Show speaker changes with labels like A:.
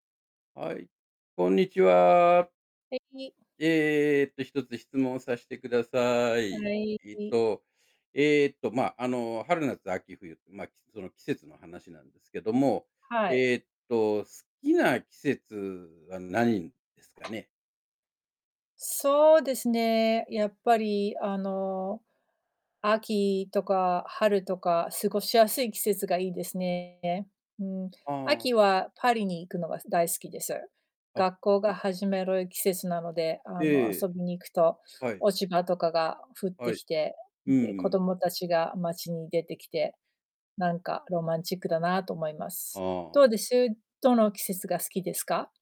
A: はい、こんにちは。
B: 素敵。
A: えっと、1つ質問させてくださ
B: は
A: い。
B: い
A: えっ
B: [unintelligible]
A: とえっと、ま、あの、春夏秋冬、ま、きその季節の話なんですけども。
B: はい。
A: えっと、好きな季節は何ですかね？
B: そうですね、やっぱりあの、秋とか春とか過ごしやすい季節がいいですね、え。うん。
A: ああ、
B: 秋
A: は
B: はパリに行くのが大好きです。
A: あ、
B: 学校
A: はい。
B: が始まる季節なので、あの、
A: え
B: 遊
A: え。
B: びに行くと、
A: はい。
B: 落ち葉とかが降っ
A: は
B: て
A: い。
B: きて、
A: うんう
B: で、子
A: ん。
B: 供たちが街に出てきて、なんかロマンチックだなと思いま
A: あ
B: す。どう
A: あ。
B: です、どの季節が好きですか？